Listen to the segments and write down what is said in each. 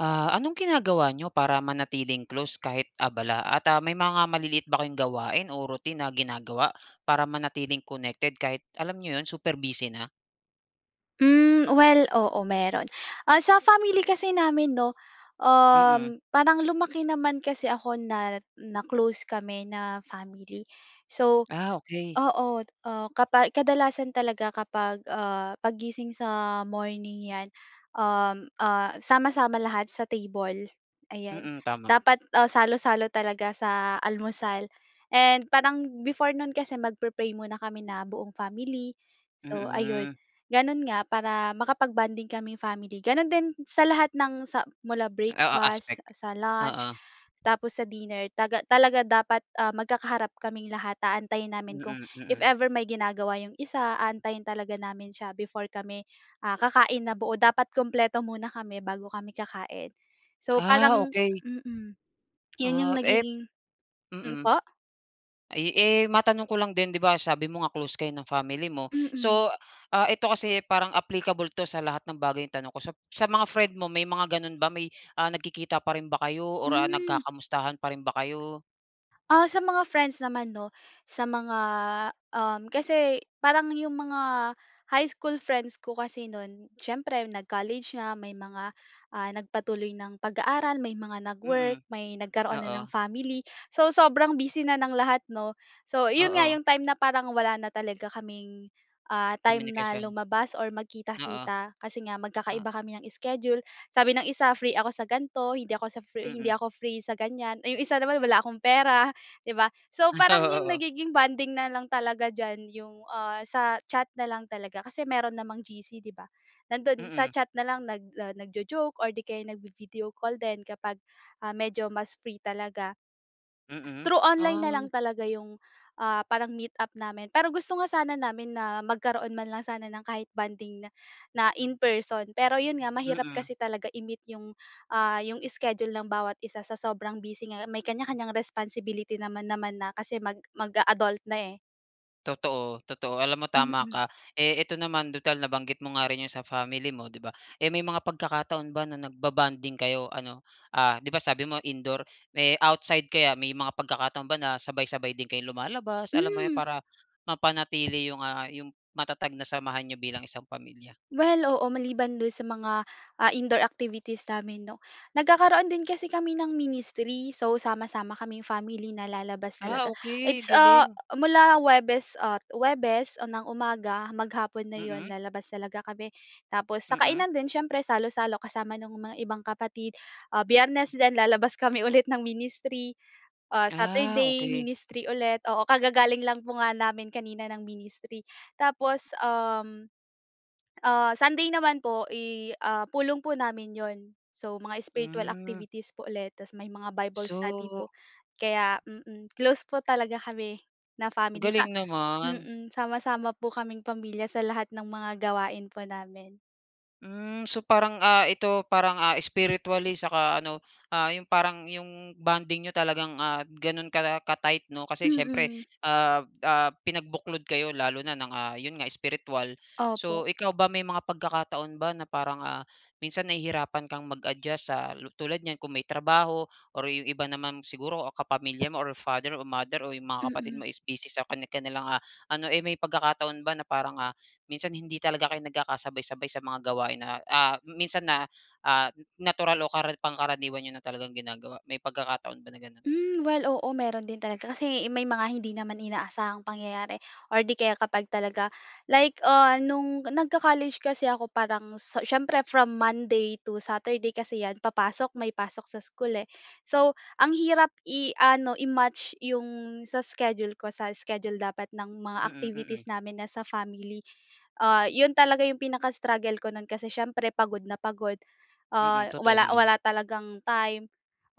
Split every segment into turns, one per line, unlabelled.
Ah, anong ginagawa niyo para manatiling close kahit abala at ah, may mga maliliit ba kayong gawain o routine na ginagawa para manatiling connected kahit alam niyo 'yon, super busy na?
Hmm, well, oo, meron. Ah, sa family kasi namin 'no,
Mm.
um, parang lumaki naman kasi ako na na close kami na family. So
Ah, okey.
oo, ah, kapa kadalasan talaga kapag, ah, paggising sa morning, 'yan, um, ah, sama-sama lahat sa table, ayan.
Mm, tama.
Dapat, ah, salo-salo talaga sa almusal, and parang before no'n kasi magpe-pray muna kami na buong family. So ayun.
Mm.
Gano'n nga para makapag-bonding kaming family. Gano'n din sa lahat ng sa mula
Oo, aspect.
breakfast, sa lunch,
Oo.
tapos sa dinner taga talaga dapat, ah, magkakaharap kaming lahat. Aantayin namin kung
Mm,
if
mm.
ever may ginagawa 'yong isa, aantayin talaga namin siya before kami, ah, kakain na buo. Dapat kumpleto muna kami bago kami kakain. So
Ah,
parang
okey.
mm. 'Yon 'yong
Ah, ep
nagiging hmm,
mm.
po?
Ay, eh, matanong ko lang din, 'di ba sabi mo nga close kayo ng family mo.
Mm.
So, ah, ito kasi, eh, parang applicable 'to sa lahat ng bagay na tanong ko sap sa mga friend mo, may mga gano'n ba? May ah, nagkikita pa rin ba kayo or, ah,
Hmm.
nagkakamustahan pa rin ba kayo?
Ah, sa mga friends naman 'no, sa mga um, kasi parang yung mga high school friends ko kasi no'n, siyempre nag-college na, may mga, ah, nagpatuloy ng pag-aaral, may mga nag-work,
Mm.
may nagkaroon na ng
Oo.
family. So sobrang busy na ng lahat 'no. So yun nga
Oo.
yung time na parang wala na talaga kaming, ah, time na
Komunikasyon.
lumabas or
Oo.
magkita-kita, kasi nga magkakaiba
Oh.
kami ng schedule. Sabi ng isa, "Free ako sa gan'to. Hindi ako sa free hindi
Mm.
ako free sa ganyan." Eh, 'yong isa naman, "Wala akong pera." 'Di ba? So
Ay,
parang 'yong
oo, oo.
nagiging bonding na lang talaga diyan, 'yong, ah, sa chat na lang talaga kasi meron namang GC, 'di ba? Nando'n sa
Mm.
chat na lang nag, ah, nagjo-joke or 'di kaya nagvi-video call din kapag, ah, medyo mas free talaga. S
Mm.
through online na lang
Ah.
talaga yung, ah, parang meet up namin, pero gusto nga sana namin na magkaroon man lang sana ng kahit bonding na na in person. Pero yun nga, mahirap
Mm.
kasi talaga i-meet yung, ah, yung schedule ng bawat isa sa sobrang busy nga. May kanya-kanyang responsibility naman naman na kasi mag mag-a-adult na, eh.
Totoo, totoo alam mo tama
Mm.
ka. Eh eto naman tutal nabanggit mo nga rin yung sa family mo 'di ba, eh may mga pagkakataon ba na nagba-bonding kayo ano, ah 'di ba sabi mo indoor. Eh outside kaya? May mga pagkakataon ba na sabay-sabay din kayong lumalabas, alam mo yun,
Hmm.
para mapanatili yung ah, yung matatag na samahan niyo bilang isang pamilya?
Well, oo, maliban doon sa mga ah, indoor activities namin 'no. Nagkakaroon din kasi kami ng ministry so sama-sama kaming family na lalabas
Ah,
talaga
okey
it's ah,
galing.
mula Huwebes at Huwebes ng umaga maghapon na 'yon
Mm.
lalabas talaga kami tapos sa
Mm.
kainan din siyempre salo-salo kasama nung mga ibang kapatid. Ah, Biyernes din lalabas kami ulit ng ministry, ah,
Ah,
Saturday
okey.
ministry ulit, oo, kagagaling lang po nga namin kanina ng ministry. Tapos um, ah, Sunday naman po i ah, pulong po namin 'yon. So mga spiritual
Hmm.
activities po ulit tas may mga Bible study po
So
kaya mm. Close po talaga kami na family sa
Galing naman.
mm sama-sama po kaming pamilya sa lahat ng mga gawain po namin.
Mm, so parang ah, ito parang ah, spiritually saka ano, ah, yung parang yung bonding niyo talagang ah, ganun kala ka-tight, 'no? Kasi siyempre,
Mm.
ah, ah, pinagbuklod kayo lalo na ng, ah, yun nga spiritual.
Opo.
So ikaw ba may mga pagkakataon ba na parang ah, minsan nahihirapan kang mag-adjust sa tulad niyan, kung may trabaho or yung iba naman siguro kapamilya mo, or father, o mother, o yung mga kapatid
Mm.
mo is busy sa kani-kanilang ah, ano eh may pagkakataon ba na parang ah, minsan hindi talaga kayo nagkakasabay-sabay sa mga gawain na, ah, minsan na ah, natural o kara pangkaraniwan niyo na talagang ginagawa, may pagkakataon ba na ganun?
Mm, well, oo, meron din talaga. Kasi may mga hindi naman inaasahang pangyayari or 'di kaya kapag talaga, like, ah, noong nag-co-college kasi ako parang, so siyempre from Monday to Saturday kasi 'yan papasok, may pasok sa school eh. So ang hirap i-ano i-match 'yong sa schedule ko sa schedule dapat ng mga
Mm,
activities
mm.
namin na sa family. Ah 'yon talaga 'yong pinaka-struggle ko noon kasi siyempre pagod na pagod. Ah,
Mm, totoo
wala
naman.
wala talagang time.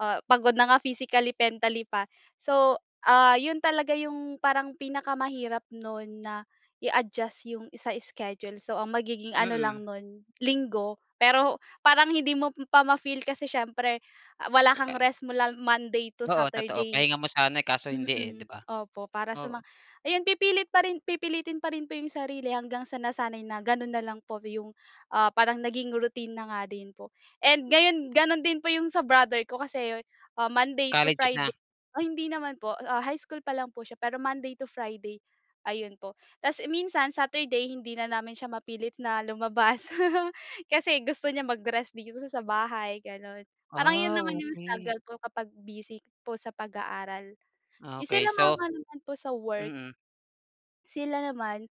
Ah, pagod na nga physically, mentally pa. So, ah, 'yon talaga 'yong parang pinakamahirap noon na i-adjust 'yong sa schedule. So ang magiging ano
Mm.
lang noon Linggo. Pero parang hindi mo pa ma-feel kasi siyempre ah, wala kang rest mula Monday to
Oo, totoo
Saturday.
pahinga mo sana eh, kaso hindi eh,
Mm,
'di ba?
opo para sa mga
Oo.
ayon pipilit pa rin pipilitin pa rin po iyong sarili hanggang sa nasanay na ganoon na lang po 'yong ah, parang naging routine na nga din po. And ngayon ganun din po 'yong sa brother ko kasi ah, Monday to
College na?
Friday ay hindi naman po ah, high school pa lang po siya pero Monday to Friday ayun po. Tas eh, minsan Saturday hindi na namin siya mapilit na lumabas kasi gusto niya mag-rest dito sa bahay, ganun. Parang 'yon
Ah,
naman 'yong
okey.
struggle po kapag busy po sa pag-aaral.
Ah, okey
Sila
so
mama naman po sa work.
mm.
Sila naman,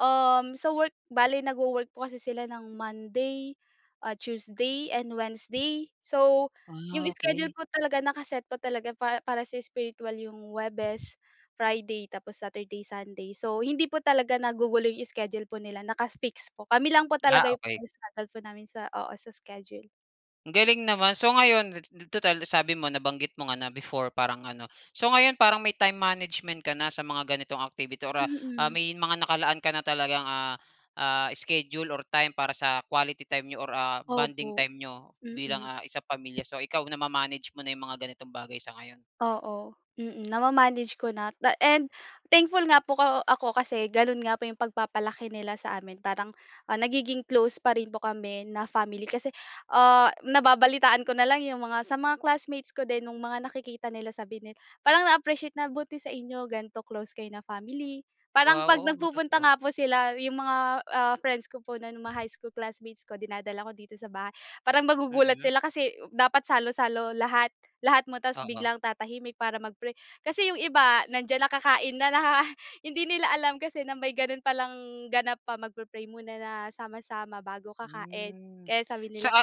um, sa work bale nag-wo-work po kasi sila ng Monday, ah, Tuesday and Wednesday. So, yung
Wow
schedule
okey.
po talaga naka-set po talaga pa para sa spiritual yung Huwebes, Friday, tapos Saturday, Sunday. So hindi po talaga nagugulo yung schedule po nila, naka-fix po, kami lang po
Ah,
talaga yung
okey.
struggle po namin sa oo sa schedule.
Ang galing naman, so ngayon tu tutal sabi mo nabanggit mo nga na before parang ano. So ngayon parang may time management ka na sa mga ganitong activity or, ah ah,
Mm.
may mga nakalaan ka na talagang, ah ah, schedule or time para sa quality time niyo or ah, bonding
Opo
time niyo bilang,
mm.
ah, isang pamilya so ikaw nama-manage mo na yung mga ganitong bagay sa ngayon?
Oo, mm. Na ma-manage ko na ta and thankful nga po ko ako kasi ganoon nga po yung pagpapalaki nila sa amin, parang, ah, nagiging close pa rin po kami na family. Kasi, ah, nababalitaan ko na lang yung mga, sa mga classmates ko din nung mga nakikita nila sabi nila, parang na-appreciate na buti sa inyo ganito close kayo na family. Parang
Wow
kapag
oo nga
nagpupunta
totoo.
nga po sila yung mga, ah, friends ko po na ng mga high school classmates ko dinadala ko dito sa bahay, parang magugulat
Mm.
sila kasi dapat salo-salo lahat lahat mo tapos
Oo.
biglang tatahimik para mag-pray. Kasi yung iba, nandiyan na kakain na na hindi nila alam kasi na may ganun palang ganap pa mag-pre-pray muna na sama-sama bago kakain
Mm
kaya sabi nila
sa a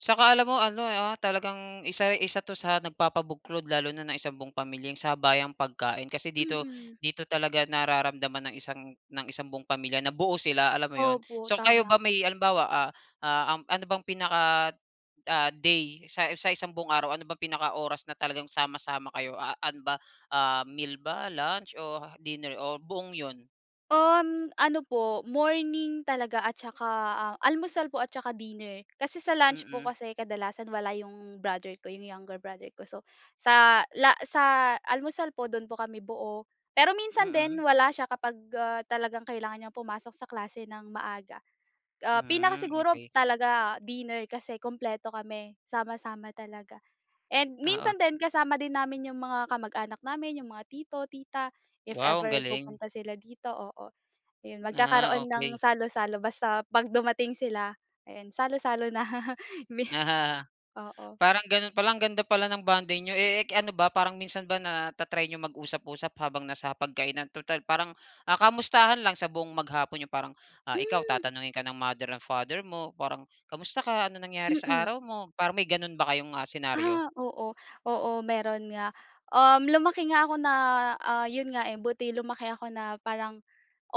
saka alam mo ano ah, talagang isa isa 'to sa nagpapabuklod lalo na ng isang buong pamilya sabayang pagkain. Kasi dito
Mm.
dito talaga nararamdaman ng isang ng isang buong pamilya na buo sila alam mo iyon?
Opo,
So kayo
tama.
ba may halimbawa ah ah, ano bang pinaka ah, day sa sa isang buong araw? Ano bang pinaka-oras na talagang sama-sama kayo a ano ba, meal ba, lunch, o dinner? O buong yun?
Um, ano po, morning talaga at saka almusal po at saka dinner. Kasi sa lunch po
Mm.
kasi kadalasan wala iyong brother ko, iyong younger brother ko. So sa la sa almusal po dun po kami buo. Pero minsan din
Mm.
wala siya kapag, ah, talagang kailangan niyang pumasok sa klase ng maaga. Ah,
Hmm,
pinakasiguro
okey.
talaga dinner kasi kumpleto kami sama-sama talaga. And
Oo.
minsan din kasama din namin yung mga kamag-anak namin, iyong mga tito, tita if
Wow ang
ever
galing.
pupunta sila dito, oo. Ayun
Ah,
magkakaroon ng
okey.
salo-salo basta kapag dumating sila, ayan salo-salo na.
[unintelligible]
Oo.
Parang ganoon pa lang ganda pala ng bonding niyo. Eh k ano ba parang minsan ba na ta-try niyo mag-usap-usap habang na sa hapag-kainan? Tutal parang, ah, kamustahan lang sa buong maghapon niyo. Parang, ah, ikaw
Hmm.
tatanungin ka ng Mother and Father mo parang kamusta ka? Anong nangyari sa
Mm.
araw mo? Parang may ganoon ba kayong, ah, senaryo?
Ah, oo. Oo meron nga, um, lumaki nga ako na, ah, yun nga, eh, buti lumaki ako na parang,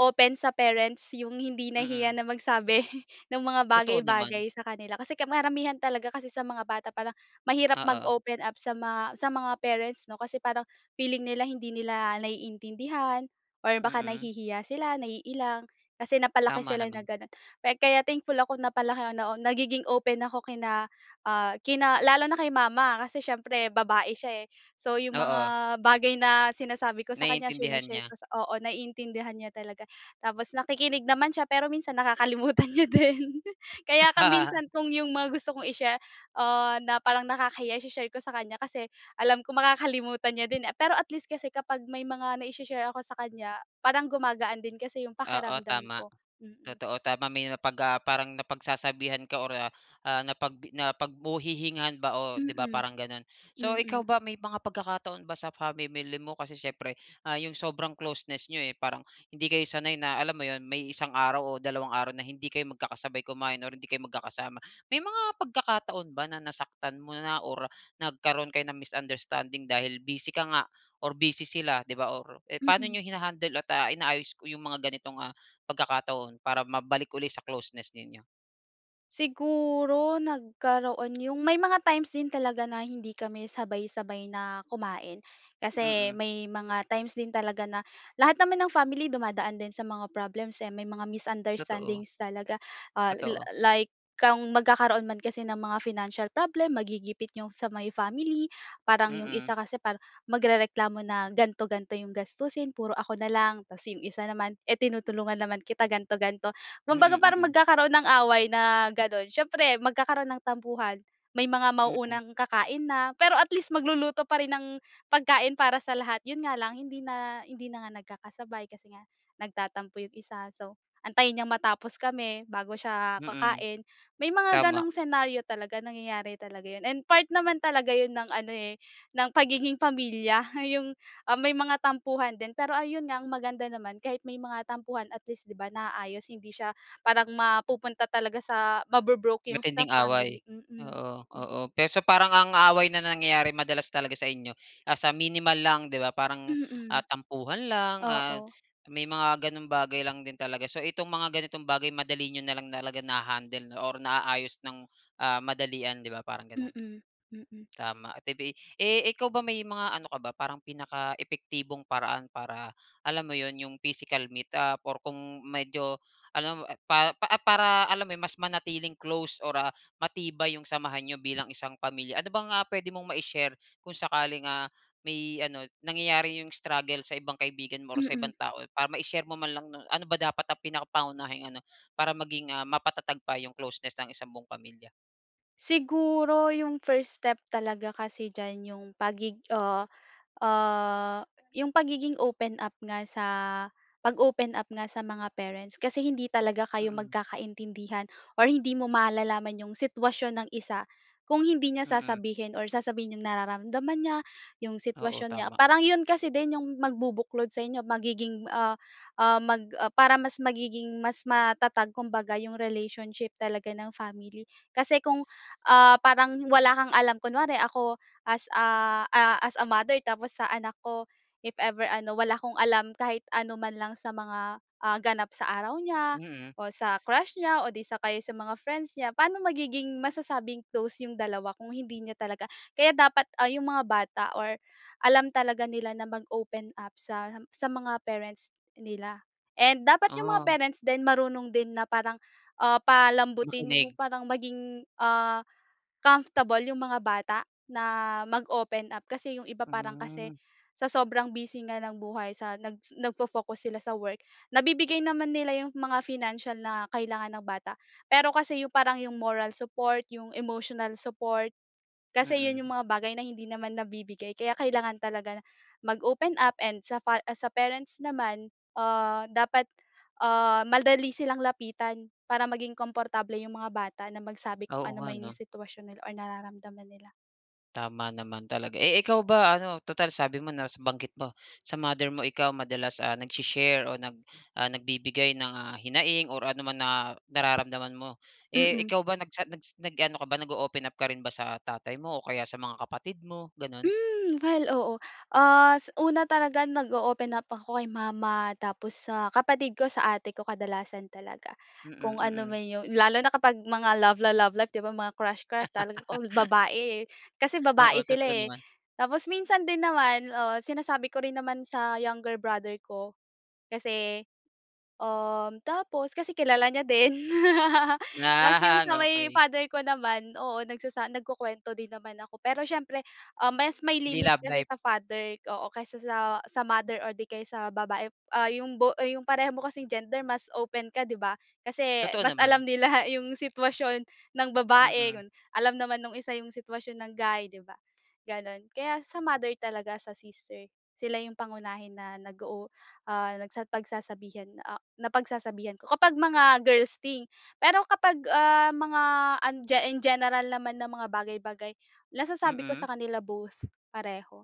open sa parents iyong hindi nahihiya
Mm.
na magsabi ng mga bagay,
Totoo naman.
bagay sa kanila. Kasi karamihan talaga kasi sa mga bata parang mahirap
Oo.
mag-open up sa mga sa mga parents 'no. Kasi parang feeling nila hindi nila naiintindihan, or baka
Mm.
nahihiya sila, naiilang. Kasi napalaki
Tama
sila na
naman.
ganoon, kaya thankful ako napalaki ako na nagiging open ako kina ah, kina lalo na kay mama. Kasi siyempre babae siya, eh, so yung
Oo.
mga bagay na sinasabi ko sa kanya
Naiintindihan
shine-share
niya.
ko oo naiintindihan niya talaga. Tapos nakikinig naman siya pero minsan nakakalimutan niya din. Kaya ka minsan kung iyong mga gusto kong i-share, ah, na parang nakakahiya i-share ko sa kanya kasi alam ko makakalimutan niya din, eh. Pero at least kasi kapag may mga nai-shi-share ako sa kanya, parang gumagaan din kasi yung
Oo
pakiramdam
tama.
ko. Mm.
Totoo tama may napag ah, parang napagsasabihan ka or ah ah, napag napag mapaghihingian ba o 'di ba
Mm,
parang ganun. So ikaw
mm.
ba may mga pagkakataon ba sa Family mo? Kasi siyempre, ah, yung sobrang closeness niyo, eh, parang hindi kayo sanay na alam mo iyon may isang araw o dalawang araw na hindi kayo magkakasabay kumain or hindi kayo magkakasama. May mga pagkakataon ba na nasaktan mo na or nagkaroon kayo ng misunderstanding dahil busy ka nga, or busy sila 'di ba or eh, paano
Mm.
niyo hinahandle at, ah, inaayos ko yung mga ganitong, ah, pagkakataon para mabalik uli sa closeness ninyo?
Siguro, nagkaroon 'yong may mga times din talaga na hindi kami sabay-sabay na kumain. Kasi
Mm.
may mga times din talaga na lahat naman ng family dumadaan din sa mga problems, eh, may mga
Totoo.
misunderstandings talaga. Ah, la
Totoo.
like kung magkakaroon man kasi ng mga financial problem, magigipit 'yong sa may family, parang 'yong
Mm.
isa kasi parang, magrereklamo na ganito-ganito 'yong gastusin, "Puro ako na lang," 'tas 'yong isa naman, "Eh, tinutulungan naman kita," ganito, ganito. Kumbaga
Mm,
parang
mm.
magkakaroon ng away na gano'n, siyempre magkakaroon ng tampuhan, may mga
Mm.
mauunang kakain na, pero at least, magluluto pa rin ng pagkain para sa lahat, 'yon nga lang hindi na hindi na nga nagkakasabay kasi nga nagtatampo 'yong isa. So, antayin niyang matapos kami bago siya
Mm.
kakain. May mga
Tama.
gano'ng senaryo talaga, nangyayari talaga 'yon, and part naman talaga 'yon ng ano, eh, ng pagiging pamilya 'yong, ah, may mga tampuhan din. Pero, ayun nga ang maganda naman kahit may mga tampuhan, at least, 'di ba, naayos hindi siya parang mapupunta talaga sa mabo-broke 'yong sa
Matinding
family.
away,
Mm,
oo, oo.
mm.
Pero so, parang ang away na nangyayari, madalas talaga sa inyo nasa minimal lang, 'di ba, parang, ah,
Mm.
tampuhan lang, ah,
Oo.
may mga gano'ng bagay lang din talaga. So, itong mga ganitong bagay madali niyo na lang talaga naha-handle or naayos nang, ah, madalian, 'di ba, parang gano'n?
Mm, mm.
Tama. Ito ba ay eh, ikaw ba may mga ano ka ba parang pinakaepektibong paraan para, alam mo 'yon, 'yong physical meet up or kung medyo alam mo, eh, pa eh, para, alam mo 'yon, mas manatiling close or, ah, matibay 'yong samahan niyo bilang isang pamilya. Ano bang, ah, puwede mong mai-share kung sakaling, ah, may ano nangyayari 'yong struggle sa ibang kaibigan mo or sa
Mm.
ibang tao. Para mai-share mo man lang, 'no, ano ba dapat ang pinakangunahing ano, para maging, ah, mapatatag pa 'yong closeness ng isang buong pamilya?
Siguro, ’yong first step talaga kasi diyan ’yong pagig ah, ah, ’yong pagiging open up nga sa pag-open up nga sa mga parents, kasi hindi talaga kayo
Mm.
magkakaintindihan or hindi mo malalaman ’yong sitwasyon ng isa kung hindi niya
Mm.
sasabihin or sasabihin ’yong nararamdaman niya, ’yong
Oo,
sitwasyon niya.
tama.
Parang ’yon kasi din ’yong magbubuklod sa inyo, magiging ah, ah, mag, ah, para mas magiging mas matatag kumbaga ’yong relationship talaga ng family. Kasi kung ah, parang wala kang alam, kunware ako as a ah, as a mother tapos sa anak ko, if ever ano, wala akong alam kahit anuman lang sa mga ah, ganap sa araw niya
Mm.
o sa crush niya o 'di sa kaya sa mga friends niya, paano magiging masasabing close ’yong dalawa kung hindi niya talaga kaya dapat ah, ’yong mga bata or alam talaga nila na mag-open up sa sa mga parents nila. And dapat ’yong mga
Ah.
parents din marunong din na parang ah, palambutin, ’yong
Makinig.
parang maging, ah, comfortable ’yong mga bata na mag-open up kasi ’yong iba parang kasi,
Mm.
sa sobrang busy nga ng buhay sa, nag nag-fo-focus sila sa work. Nabibigay naman nila ’yong mga financial na kailangan ng bata, pero kasi, ’yong parang ’yong moral support, ’yong emotional support kasi ’yon
Mm.
’yong mga bagay na hindi naman nabibigay. Kaya kailangan talaga mag-open up and sa fa sa parents naman ah, dapat ah, madali silang lapitan, para maging komportable ’yong mga bata na magsabi kung
Oo nga,
anuman ’yong
'no?
sitwasyon nila or nararamdaman nila.
Tama naman talaga, eh, ikaw ba ano, tutal sabi mo na s banggit mo sa mother mo ikaw madalas ah, nag-shi-share o nag, ah, nagbibigay ng ah, hinaing or ano man na nararamdaman mo. Eh,
Mm.
ikaw ba nagchat nag-s nag-ano ka ba nag-o-open up ka rin ba sa tatay mo o kaya sa mga kapatid mo ganoon?
Hmm, well, oo. As una talaga nag-o-open up ako kay mama, tapos sa kapatid ko, sa ate ko, kadalasan talaga.
Mm
Kung ano man
mm.
iyon lalo na kapag mga love-la-love life 'di ba mga crush, crush talaga all babae, eh, kasi
Oo
babae sila,
totoo
eh.
naman.
Tapos minsan din naman oo sinasabi ko rin naman sa younger brother ko. Kasi, um, tapos kasi kilala niya din tapos yung
Ah,
sa may
okey.
father ko naman oo nagsasa nagkukuwento din naman ako pero siyempre, um, mas may
Hindi
limit
love
kasi
life.
sa father oo kaysa sa sa mother or di kaya sa babae, ah, yung bo yung pareho mo kasing gender mas open ka di ba? Kasi
Totoo
mas alam
naman.
nila yung sitwasyon ng babae
Mm.
yun alam naman nung isa yung sitwasyon ng guy di ba, ganun. Kaya sa mother talaga, sa sister, sila yung pangunahin na nag oo ah nagsa pagsasabihan, ah napagsasabihan ko kapag mga girls thing pero kapag ah, mga an ge in general naman na mga bagay-bagay nasasabi ko
Mm.
sa kanila both pareho.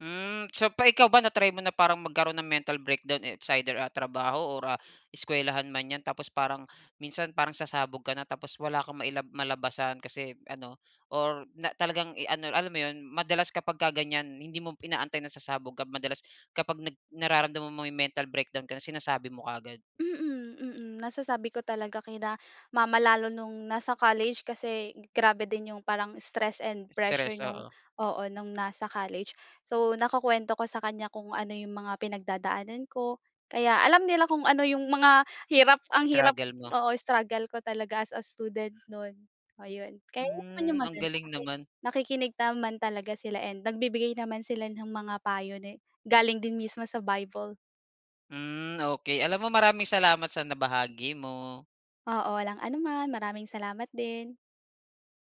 Hmm, so pa ikaw ba na-try mo na parang magkaroon ng mental breakdown it's either, ah, trabaho or ah, eskuwelahan man yan tapos parang minsan parang sasabog ka na tapos wala kang mailab malabasan kasi ano, or na talagang, eh, ano alam mo iyon madalas kapagka ganyan hindi mo inaantay na sasabog ka madalas kapag nag nararamdaman mo yung mental breakdown ka na sinasabi mo kaagad?
Mm mm nasasabi ko talaga kina mama lalo noong nasa college, kasi grabe din yung parang stress and pressure
Stress
noong
oo.
oo, noong nasa college. So nakukuwento ko sa kanya kung ano iyong mga pinagdadaanan ko, kaya alam nila kung ano yung mga hirap ang hirap
Struggle mo.
oo struggle ko talaga as a student noon, ayon. Kaya naman yung
Hmm, ang
maganda
galing
kasi
naman.
nakikinig naman talaga sila and nagbibigay naman sila ng mga payo ne galing din mismo sa Bible.
Hmm, okey alam mo, maraming salamat sa nabahagi mo.
Oo walang ano man maraming salamat din.